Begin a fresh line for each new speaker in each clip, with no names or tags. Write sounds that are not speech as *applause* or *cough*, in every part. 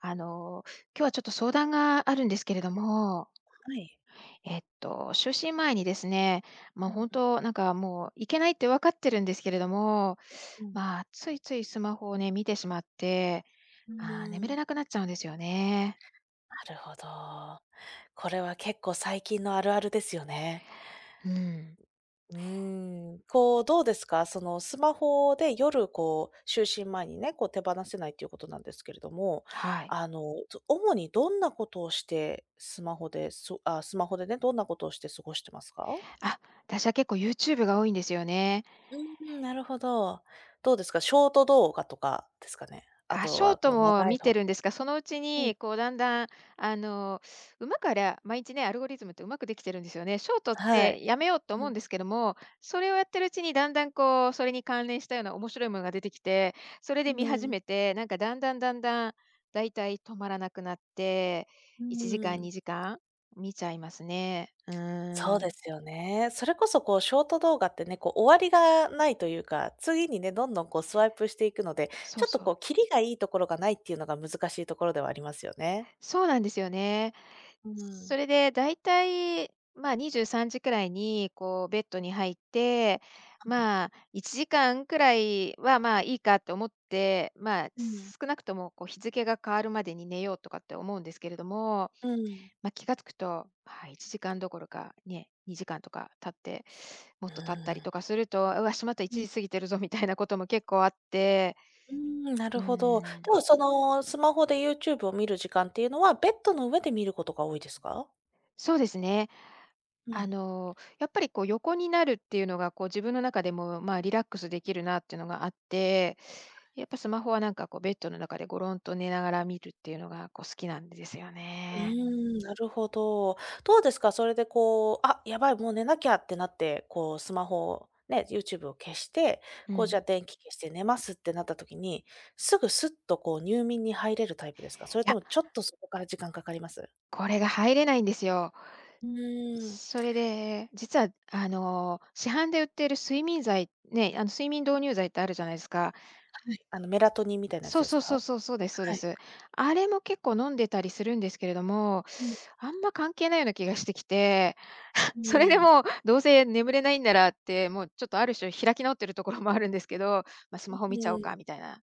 あの、今日はちょっと、相談があるんですけれども。
はい。
えっと、就寝前にですね、もう
う
ほん
ん。
と、なんかもう、いけないって分かってるんですけれども、
うん。
まあついついスマホをね、見てしまって。
う
ああ、眠れ
ん。
なくなっちゃうんですよね。
なるほど。これは結構、最近のあるあるですよね。
うん。
ううん。こう、どうですか？その、スマホで夜、こう、就寝前にね、こう、手放せないっていうことなんですけれども。
はい。
あの、と主にどんなことをしてスマホでそ、あ、スマホでね、どんなことをして過ごしてますか？
あ、私は結構、YouTube が多いんですよね。
うんうん。なるほど。どうですか、ショート動画とかですかね。あ
あ、
と
ショー
はこ
ト
う、
も
長い
観
の
てるんですが、そのうち
うん。
に、こう、だんだん、あの、うまくあれ毎日ねアルゴリズムって、うまくできてるんですよね。ショートっ
はい。
て、やめようと
う
思う
ん。
んですけども、それをやってるうちに、だんだんこう、それに関連したような、面白いものが出てきて。それ
う
で観始
ん。
めて、なんか、だんだんだんだん、大体止まらなくなって、
う
1時間
ん。
2時間観ちゃいますね。う
そう
ん。
ですよね。それこそこう、ショート動画ってね、こう、終わりがないというか。次にね、どんどんこう、スワイプしていくので、
そ
ちょ
う
っと
そう。
こう、キリがいいところがないっていうのが、難しいところではありますよね。
そうなんですよね。
う
そ
ん。
れでだいたい、まあ、23時くらいにこう、ベッドに入って、
ああ、ね。
まあ、1時間くらいは、まあ、いいかって思って。まあ、
うん。
少なくともこう「日付が変わるまでに寝よう」とかって思うんですけれども。
うん。
ま、気が付くと、はい、1時間どころかね、2時間とか経って、も
う
っと経ったり
ん。
とかすると「うわ、しまった、い
うん。
ちじ過ぎてるぞ。」みたいなことも結構あって。
うん、なる
う
ほど。で
ん。
もその、スマホで YouTube を観る時間っていうのは、ベッドの上で観ることが多いですか？
そうですね。
う
あ
ん。
の、やっぱりこう、横になるっていうのがこう、自分の中でもまあ、リラックスできるなっていうのがあって。
はい。
やっぱスマホは、なんかこう、ベッドの中で、ゴロンと寝ながら見るっていうのがこう、好きなんですよ
うー
ね。
ん、なるほど。どうですか、それでこう「あ、やばい、もう寝なきゃ」ってなって、こう、スマホをね YouTube を消して、
う
こう、じゃ
ん。
あ、電気消して寝ますってなった時に、すぐ、スッとこう、入眠に入れるタイプですか？それ
い
と
や。
も、ちょっとそこから時間かかります？
これが入れないんですよ。
うーん。
それで実は、あの、市販で売ってる睡眠剤ね、あの、睡眠導入剤ってあるじゃないですか？
はい。あの、メラトニンみたいなやつ
そう
です
そうそう
か？
そう。そうですそう
は
で
い。
す。あれも結構、飲んでたりするんですけれども、
うん。
あんま関係ないような気がしてきて。*chuckles*
う
それで
ん。
もう、どうせ眠れないんならって、もう、ちょっと、ある種、開き直ってるところもあるんですけど。ま「ス
う
マホ見ちゃ
う
おう
ん。
か」みたいな。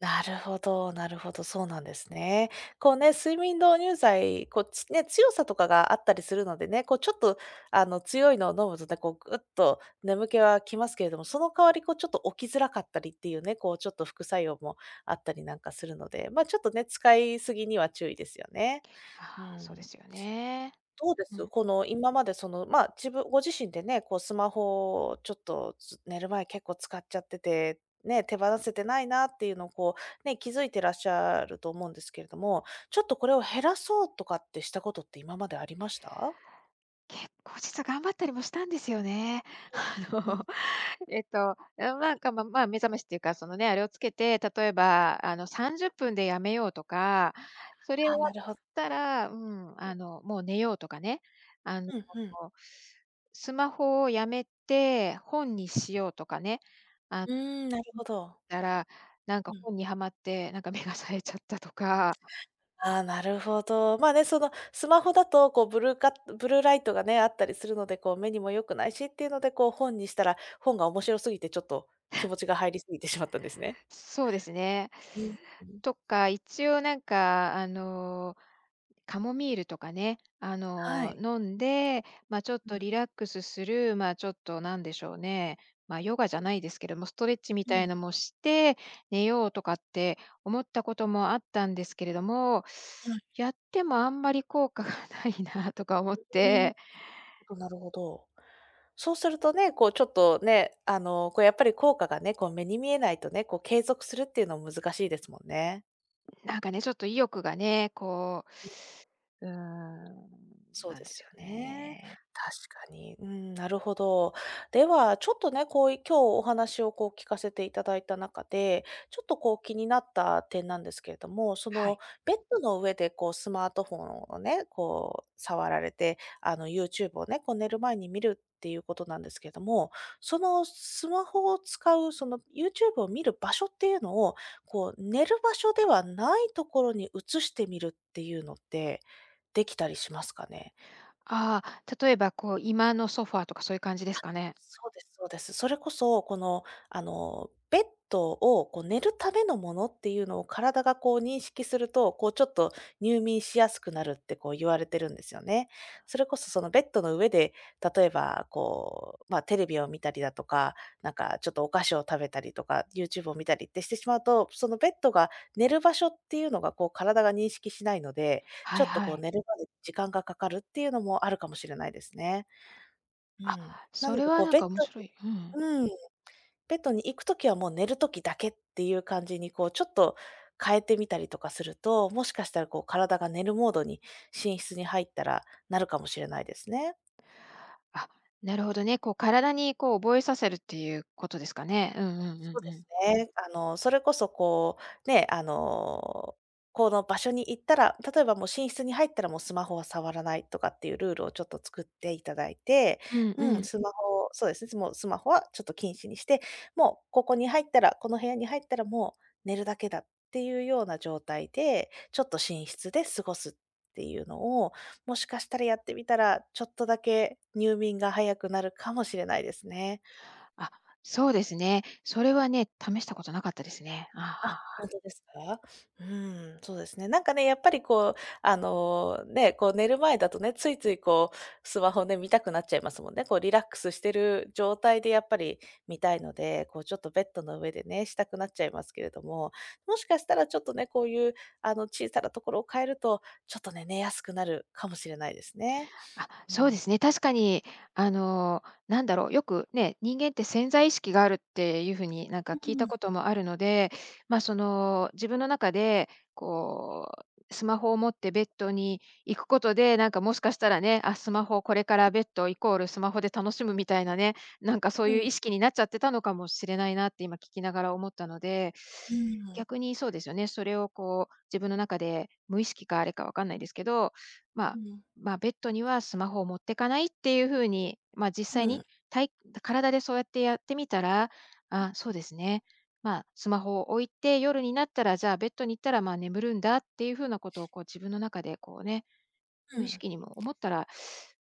なるほどなるほど、そうなんですね。こうね、睡眠導入剤、こう、つね、強さとかがあったりするのでね。こう、ちょっと、あの、強いのを飲むと *unintelligible* こう、ぐっと眠気は来ますけれども。その代わり、こう、ちょっと、起きづらかったりっていうね。こう、ちょっと、副作用もあったりなんかするので。まあちょっとね、使いすぎには注意ですよね。うー
ああ、そうで
ん。
すよね。
どうで
う
す？
ん。
この、今までその、まあ、自分ご自身でね、こう、スマホをちょっと、ず寝る前、結構使っちゃってて。ね、手放せてないなっていうのを、こう、ね、気づいてらっしゃると思うんですけれども。ちょっとこれを減らそうとかってしたことって、今までありました？
結構、実は頑張ったりもしたんですよね。あ
うんううん。
の、えっと、ま、なんか、ままあ、目覚ましっていうか、そのね、あれをつけて、例えばあの、30分でやめようとか。それ終
はあ、
わ
な
っ
るほ
たら、うん、
*unintelligible*
あの、もう寝ようとかね。あの、
ふんふん。
おお、スマホをやめて本にしようとかね。あ
うん、なる
*unintelligible*
ほど。
たら、なん
う
か
ん。
本にハマって、なんか目が冴えちゃったとか。
ああ、なるほど。まあね、その、スマホだとこう、ブルーカッブルーライトがね、あったりするので。こう、目にも良くないしっていうので、こう、本にしたら、本が面白すぎて、ちょっと、気持ちが入り過ぎてしまったんですね。
そうですね。
うんうん。
とか、一応なんかあの、カモミールとかね、あ
は
の、
い。
飲んで、まあちょっ
う
と、
ん。
リラックスするまあちょっと、なんでしょうね。まあ、ヨガじゃないですけども、ストレッチみ
う
たい
ん。
なもして寝ようとかって、思ったこともあったんですけれども。
はい。
やってもあんまり、効果がないなとか思っ
うん。
て。
*unintelligible* なるほど。そうするとね、こう、ちょっとね、あの、こう、やっぱり効果がね、こう、目に見えないとね、こう、継続するっていうのは、難しいですもんね。
なんかね、ちょっと意欲がね、こう、うーん、
そう
なん
で
で
す
す
よ
よ
ね。
ね。
確かに。うん、なるほど。では、ちょっとね、こうい今日お話をこう聞かせていただいた中で、ちょっとこう気になった点なんですけれども、そ
は
の
い。
ベッドの上でこうスマートフォンをね、こう触られて、あの YouTube をね、こう寝る前に見るっていうことなんですけども、そのスマホを使うその YouTube を見る場所っていうのを、こう寝る場所ではないところに移してみるっていうのって、できたりしますかね？
ああ、例えばこう居間のソファーとかそういう感じで
あ、
すかね？
そうですそうです。それこそ、このあの、ベッドをこう寝るためのものっていうのを体がこう認識すると、こうちょっと入眠しやすくなるってこう言われてるんですよね。それこそそのベッドの上で、例えばこう、ま、テレビを見たりだとか、なんかちょっとお菓子を食べたりとか、YouTube を見たりってしてしまうと、そのベッドが寝る場所っていうのがこう体が認識しないので、ち
は
ょ
い
っと
は
こう
い。
寝るまで時間がかかるっていうのもあるかもしれないですね。う
あ、
ん。な
そ
の
れ
で
は
こう
なん
ベッ
か
ド
面白い、うん。
にうん、ベッドに行くときはもう寝る時だけっていう感じにこうちょっと変えてみたりとかすると、もしかしたらこう体が寝るモードに寝室に入ったらなるかもしれないですね。
あ、なるほどね、こう体にこう覚えさせるっていうことですかね。うんうん
そ
う
う
ん
で
うん。
すね。あのそれこそこうね、あのこの場所に行ったら、例えばもう寝室に入ったらもうスマホは触らないとかっていうルールをちょっと作っていただいて、
うんう
うん、
ん。
スマホをそうですね、もうスマホはちょっと禁止にして、もうここに入ったら、この部屋に入ったらもう寝るだけだっていうような状態で、ちょっと寝室で過ごすっていうのをもしかしたらやってみたらちょっとだけ入眠が早くなるかもしれないですね。
あ、そうですね。それはね、試したことなかったですね。ああ、はあ
あ、
は
ほ
あ。
んとですか？うーん、そうですね。なんかね、やっぱりこうあのね、こう寝る前だとね、ついついこうスマホで見たくなっちゃいますもんね、こうリラックスしてる状態でやっぱり見たいので、こうちょっとベッドの上でね、したくなっちゃいますけれども、もしかしたらちょっとね、こういう、あの小さなところを変えると、ちょっとね、寝やすくなるかもしれないですね。
あ、
う
そうで
ん。
すね。確かにあのなんだろう、よくね、人間って潜在意識があるっていう風になんか
う
聞い
う
た
ん。
こともあるので、ま、その自分の中でこうスマホを持ってベッドに行くことでなんかもしかしたらね、あ、スマホこれからベッドイコールスマホで楽しむみたいなね、なんかそう
う
いう
ん。
意識になっちゃってたのかもしれないなって今聞きながら思ったので、
うーん。
逆にそうですよね。それをこう自分の中で無意識かあれかわかんないですけど、ま
う
あ、
ん。
ま、ベッドにはスマホを持ってかないっていう風に、ま、実
う
際に
ん。
たい体でそうやってやってみたら、
う
あ
ん
あ、そ
う
う
ん。
ですね、ま、スマホを置いて、夜になったらじゃあベッドに行ったらまあ眠るんだっていう風なことをこう自分の中でこうね、
う
無意
ん。
識にも思ったら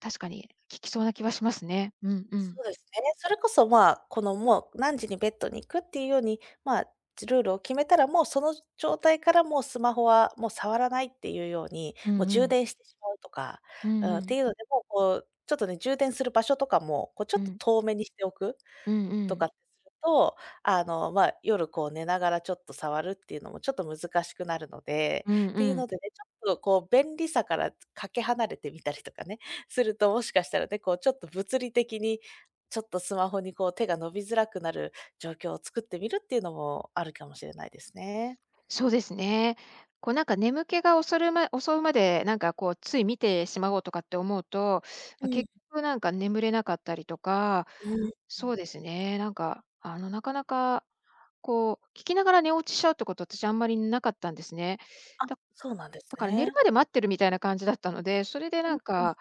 確かに効きそうな気はしますね。うんうん。
そうですね。それこそ、ま、このもう何時にベッドに行くっていうように、ま、ず、ルールを決めたらもうその状態からもうスマホはもう触らないっていうように、
うん
もう
う
充
ん。
電してしまうとか、
うん
うん
う
って
ん。
いうのでも、こうちょっとね、充電する場所とかもこうちょ
う
っと
ん。
遠めにしておく。
うんう
とかっ
ん。
てすると、あの、ま、夜こう寝ながらちょっと触るっていうのもちょっと難しくなるので、
うん
っ
う
ていうの
ん。
でね、ちょっとこう便利さからかけ離れてみたりとかね、すると、もしかしたらね、こうちょっと物理的にちょっとスマホにこう手が伸びづらくなる状況を作ってみるっていうのもあるかもしれないですね。
そうですね。こうなんか眠気がおそるま襲うまでなんかこうつい見てしまおうとかって思うと、
うん。
結局なんか眠れなかったりとか、
うん。
そうですね、なんかあのなかなかこう聞きながら寝落ちしちゃうってこと私あんまりなかったんですね。
あ、
だ、
そうなんです
だから寝る
ね。
まで待ってるみたいな感じだったので、それで
う
な
ん
ん
うん。
か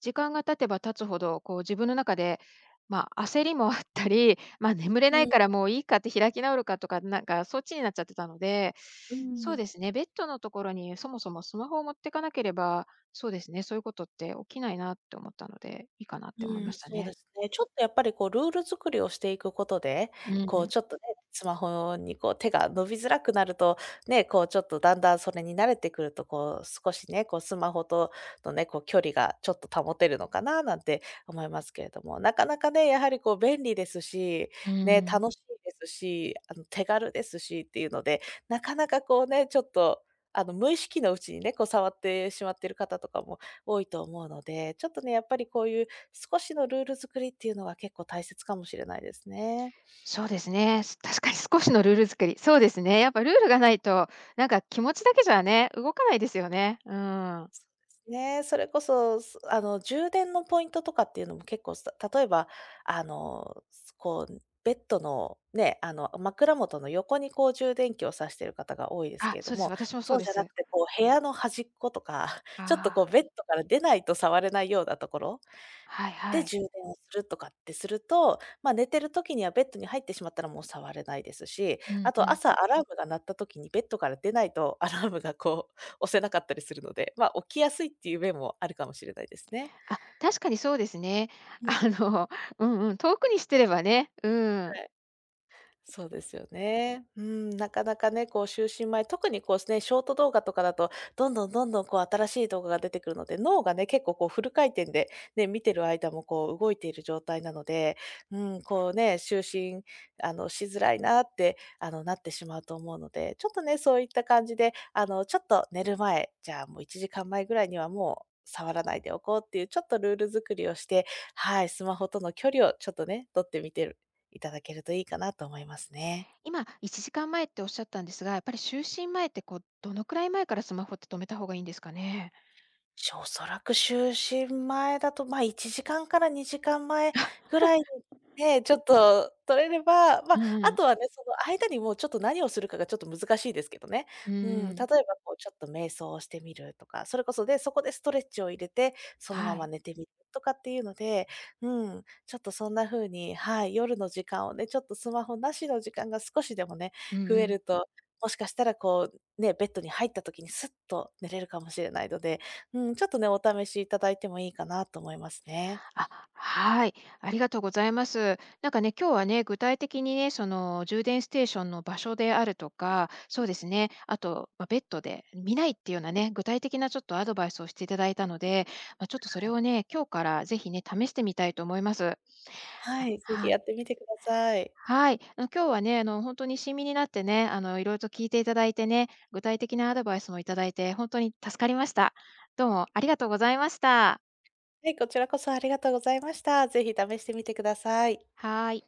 時間が経てば経つほど、こう自分の中で、ま、焦りもあったり、ま、眠れ
う
ない
ん。
からもういいかって開き直るかとかなんかそっちになっちゃってたので、
うー
そう
ん。
ですね、ベッドのところにそもそもスマホを持ってかなければそうですね、そういうことって起きないなって思ったので、いいかなって思い
う
ま
ん、
した
そう
ね。
ですね。ちょっとやっぱりこうルール作りをしていくことで、
うん
こ
う
う
ん。
ちょっとね、スマホにこう手が伸びづらくなると、ね、こうちょっとだんだんそれに慣れてくるとこう少しね、こうスマホとのね、こう距離がちょっと保てるのかななんて思いますけれども、なかなかね、やはりこう便利ですし、
うー
ね、
ん。
楽しいですし、あの手軽ですしっていうので、なかなかこうね、ちょっとあの無意識のうちにね、こう触ってしまっている方とかも多いと思うので、ちょっとね、やっぱりこういう少しのルール作りっていうのは結構大切かもしれないですね。
そうですね。す確かに少しのルール作り、そうですね。やっぱルールがないとなんか気持ちだけじゃね、動かないですよね。うーん。
ね、それこそ、すあの充電のポイントとかっていうのも結構さ例えばあの、すこうベッドのね、あの枕元の横にこう充電器を差してる方が多いです
あ、
けれど
そうです。
も、
私もそ
そ
う
う
で
じゃな
す。
くてこう部屋のはじっことか、ちょっとこ
あ
う
あ。
ベッドから出ないと触れないようなところ
はいは
で
い。
充電をするとかってすると、ま、寝てる時にはベッドに入ってしまったらもう触れないですし、
う
あ
んう
と
ん。
朝アラームが鳴った時にベッドから出ないとアラームがこう押せなかったりするので、ま、起きやすいっていう面もあるかもしれないですね。
あ、確かにそうですね、
うん。
あの、うんうん。遠くにしてればね、う
は
ん。
い。そうですよね。うん、なかなかね、こう就寝前特にこうすね、ショート動画とかだと、どんどんどんどんこう新しい動画が出てくるので、脳がね、結構こうフル回転で、ね、見てる間もこう動いている状態なので、うーん、こうね、就寝あのしづらいなってあのなってしまうと思うので、ちょっとね、そういった感じであのちょっと寝る前、じゃあもう1時間前ぐらいにはもう触らないでおこうっていうちょっとルール作りをして、はい、スマホとの距離をちょっとね、取ってみてるいただけるといいかなと思いますね。
今1時間前っておっしゃったんですが、やっぱり就寝前ってこうどのくらい前からスマホって止めた方がいいんですかね？
しょおそらく就寝前だと、ま、1時間から2時間前ぐらい
*chuckles*
で、ちょっと取れれば、ま、
う
あ
んうん。
とはね、その間にもうちょっと何をするかがちょっと難しいですけどね。
うー
うん、例え
ん。
ばこうちょっと瞑想をしてみるとか、それこそで、そこでストレッチを入れて、そのま
は
ま
い。
寝てみるとかっていうので、うん、ちょっとそんな風にはい、夜の時間をね、ちょっとスマホなしの時間が少しでもね、
うんう
増え
ん。
ると、もしかしたらこうね、ベッドに入った時にスッと寝れるかもしれないので、うん、ちょっとね、お試しいただいてもいいかなと思いますね。
あ、はい、ありがとうございます。なんかね、今日はね、具体的にね、その充電ステーションの場所であるとか、そうですね、あと、ま、ベッドで見ないっていうようなね、具体的なちょっとアドバイスをしていただいたので、ま、ちょっとそれをね、今日からぜひね、試してみたいと思います。
はい、是非
はい。
やってみてください。
はい、うん、今日はね、あのほんとに親身になってね、あの色々と聞いていただいてね、具体的なアドバイスをいただいてほんとに助かりました。どうもありがとうございました。
はい、こちらこそありがとうございました。ぜひ試してみてください。
はい。